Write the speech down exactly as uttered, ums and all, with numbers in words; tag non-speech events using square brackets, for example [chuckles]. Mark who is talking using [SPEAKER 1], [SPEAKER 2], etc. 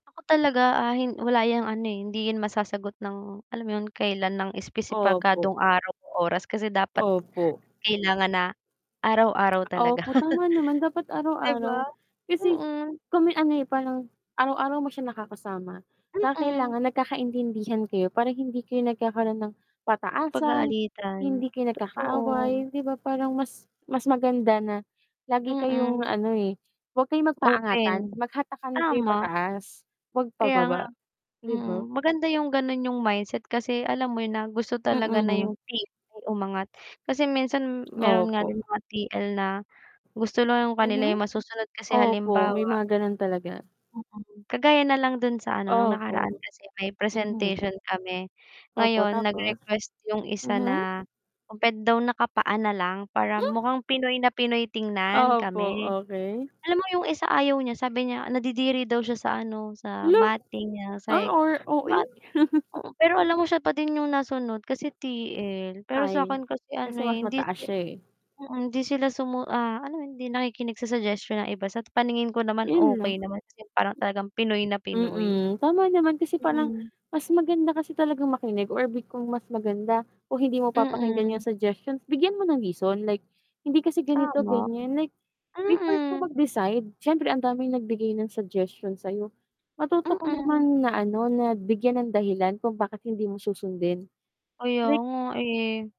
[SPEAKER 1] Ako talaga, ah, hin wala 'yung ano, eh, hindi 'yan masasagot ng alam mo 'yun, kailan ng espesipikadong
[SPEAKER 2] Opo.
[SPEAKER 1] araw o oras kasi dapat
[SPEAKER 2] Opo.
[SPEAKER 1] kailangan na, araw-araw talaga.
[SPEAKER 2] Opo, tama naman dapat
[SPEAKER 1] [chuckles] Di ba?
[SPEAKER 2] araw-araw. Kasi
[SPEAKER 1] Mm.
[SPEAKER 2] kung may ano, eh, parang araw-araw mo siya nakakasama, ka
[SPEAKER 1] Mm.
[SPEAKER 2] kailangan nagkakaintindihan kayo parang hindi kayo nagkakaroon ng pataasan,
[SPEAKER 1] Pag-aalitan,
[SPEAKER 2] hindi kayo
[SPEAKER 1] totoo.
[SPEAKER 2] nagkakaaway, di ba, parang mas mas maganda na, lagi kayong
[SPEAKER 1] Mm.
[SPEAKER 2] ano, eh, huwag kayo magpaangatan,
[SPEAKER 1] Open.
[SPEAKER 2] maghatakan kayo
[SPEAKER 1] Tama.
[SPEAKER 2] pataas, huwag
[SPEAKER 1] Kaya nga
[SPEAKER 2] pababa, di
[SPEAKER 1] mm,
[SPEAKER 2] ba?
[SPEAKER 1] maganda 'yung gano'n 'yung mindset kasi alam mo 'yon na gusto talaga na
[SPEAKER 2] Mm.
[SPEAKER 1] 'yung T-L umangat, kasi minsan meron nga
[SPEAKER 2] Opo.
[SPEAKER 1] din mga T-L na gusto lang 'yung kanila
[SPEAKER 2] Mhm.
[SPEAKER 1] 'yung masusunod kasi
[SPEAKER 2] Opo
[SPEAKER 1] halimbawa
[SPEAKER 2] may mga gano'n talaga.
[SPEAKER 1] mm, kagaya na lang do'n sa ano no'ng
[SPEAKER 2] Opo.
[SPEAKER 1] nakaraan kasi may
[SPEAKER 2] Mhm.
[SPEAKER 1] presentation kami.
[SPEAKER 2] Opo,
[SPEAKER 1] Ngayon,
[SPEAKER 2] tapos?
[SPEAKER 1] nag-request 'yung isa na,
[SPEAKER 2] Mhm.
[SPEAKER 1] kung puwede daw nakapaa na lang para
[SPEAKER 2] Hmm?
[SPEAKER 1] mukhang Pinoy na Pinoy tingnan
[SPEAKER 2] Opo,
[SPEAKER 1] kami.
[SPEAKER 2] okey.
[SPEAKER 1] Alam mo 'yung isa ayaw niya, sabi niya, nadidiri daw siya sa ano, sa
[SPEAKER 2] Hala.
[SPEAKER 1] matting niya,
[SPEAKER 2] A
[SPEAKER 1] sa ik
[SPEAKER 2] or
[SPEAKER 1] 'di
[SPEAKER 2] O-A
[SPEAKER 1] ba't
[SPEAKER 2] [chuckles]
[SPEAKER 1] oo, pero alam mo siya pa din 'yung nasunod kasi T-L, pero sa
[SPEAKER 2] Ay.
[SPEAKER 1] akin kasi ano
[SPEAKER 2] Kasi
[SPEAKER 1] eh,
[SPEAKER 2] mas
[SPEAKER 1] hindi
[SPEAKER 2] mataas
[SPEAKER 1] ke
[SPEAKER 2] siya, eh.
[SPEAKER 1] mm, hindi sila sumu ah alam mo 'yon, hindi nakikinig sa suggestion ng iba, sa paningin ko naman
[SPEAKER 2] 'Yun
[SPEAKER 1] okey
[SPEAKER 2] lang.
[SPEAKER 1] naman as in parang talagang Pinoy na Pinoy.
[SPEAKER 2] Mm, tama naman kasi parang
[SPEAKER 1] Mm.
[SPEAKER 2] mas maganda kasi talagang makinig or 'di kung mas maganda, kung hindi mo papakinggan 'yung
[SPEAKER 1] Mm.
[SPEAKER 2] suggestions bigyan mo ng reason like, hindi kasi ganito,
[SPEAKER 1] Tama.
[SPEAKER 2] ganiyan like, before ka
[SPEAKER 1] Mm.
[SPEAKER 2] mag-decide, siyempre ang daming nagbigay ng suggestion sa'yo, matuto ka
[SPEAKER 1] Mm.
[SPEAKER 2] naman na ano na bigyan ng dahilan kung bakit hindi mo susundin.
[SPEAKER 1] Kaya
[SPEAKER 2] Like
[SPEAKER 1] nga, eh.